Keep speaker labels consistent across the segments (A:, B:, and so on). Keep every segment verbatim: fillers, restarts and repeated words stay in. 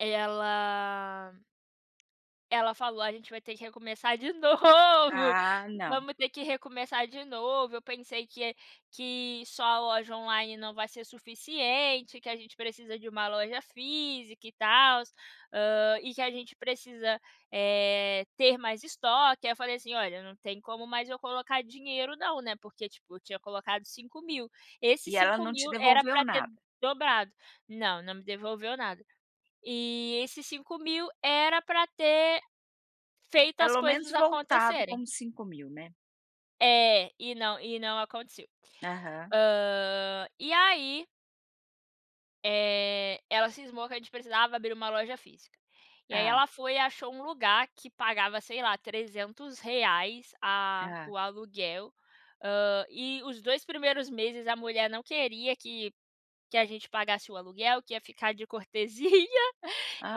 A: Ela ela falou: "A gente vai ter que recomeçar de novo,
B: Ah, não.
A: vamos ter que recomeçar de novo. Eu pensei que que só a loja online não vai ser suficiente, que a gente precisa de uma loja física e tal, hã, e que a gente precisa, eh, ter mais estoque". Aí eu falei assim: "Olha, não tem como mais eu colocar dinheiro não, né". Porque tipo, tinha colocado cinco mil. Esses
B: E ela
A: cinco
B: não te
A: mil, era
B: devolveu
A: pra ter
B: nada?
A: dobrado. Não, não me devolveu nada. E esses cinco mil, era pra ter feito as
B: Pelo menos
A: coisas
B: voltado com
A: acontecerem.
B: os cinco mil, né.
A: É, e não e não aconteceu.
B: Aham.
A: Ah, e aí eh, ela cismou que a gente precisava abrir uma loja física. E aí,
B: Hã.
A: ela foi e achou um lugar que pagava, sei lá, trezentos reais, ah,
B: Hã.
A: o aluguel, hã, e os dois primeiros meses a mulher não queria que que a gente pagasse o aluguel, que ia ficar de cortesia,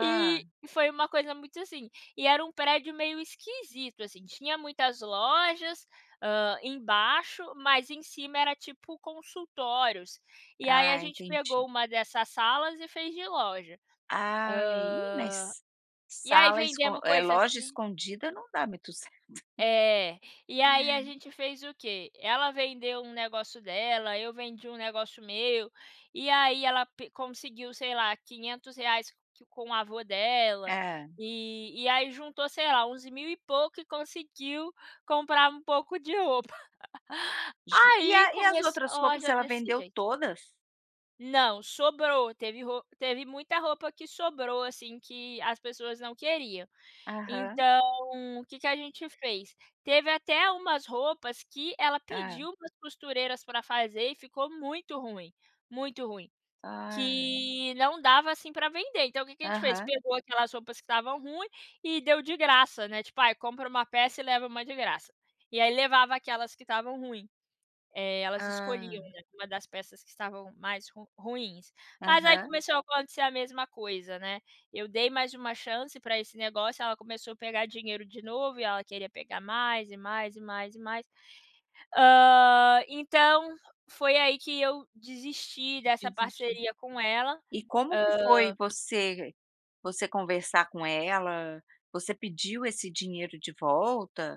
A: e e foi uma coisa muito assim. E era um prédio meio esquisito assim, tinha muitas lojas, hã, embaixo, mas em cima era tipo, consultórios. E aí a
B: Ah,
A: gente
B: entendi.
A: pegou uma dessas salas e fez de loja.
B: Ah, e,
A: Hã,
B: mas
A: e aí
B: sala esco
A: vendemos
B: eh,
A: coisa
B: loja
A: aqui
B: escondida, não dá muito certo.
A: É, e aí a gente fez o quê? Ela vendeu um negócio dela, eu vendi um negócio meu. E aí ela pe conseguiu, sei lá, quinhentos reais que com o avô dela,
B: Hã.
A: eh, e aí juntou, sei lá, onze mil e pouco e conseguiu comprar um pouco de roupa.
B: Gen e a
A: Aí,
B: e as
A: começou
B: outras
A: a
B: roupas?
A: loja
B: Ela
A: desse
B: vendeu
A: jeito.
B: todas?
A: Não, sobrou. Teve ro teve muita roupa que sobrou assim, que as pessoas não queriam.
B: Aham.
A: Então, que que a gente fez? Teve até umas roupas que ela
B: Hã.
A: pediu para as costureiras para fazer e ficou muito ruim, muito ruim,
B: Ah.
A: que não dava, assim, pra vender. Então, o que a gente fez?
B: Aham.
A: Pegou aquelas roupas que estavam ruim e deu de graça, né, tipo aí, compra uma peça e leva uma de graça. E aí levava aquelas que estavam ruim. Eh, elas escolhiam,
B: Hã.
A: né, uma das peças que estavam mais ru ruins. Mas aí
B: Aham.
A: começou a acontecer a mesma coisa, né. Eu dei mais uma chance pra esse negócio, ela começou a pegar dinheiro de novo e ela queria pegar mais e mais e mais e mais. Hã, então, foi aí que eu desisti dessa
B: Desistiu.
A: parceria com ela,
B: E como que
A: hã
B: foi você você conversar com ela? Você pediu esse dinheiro de volta?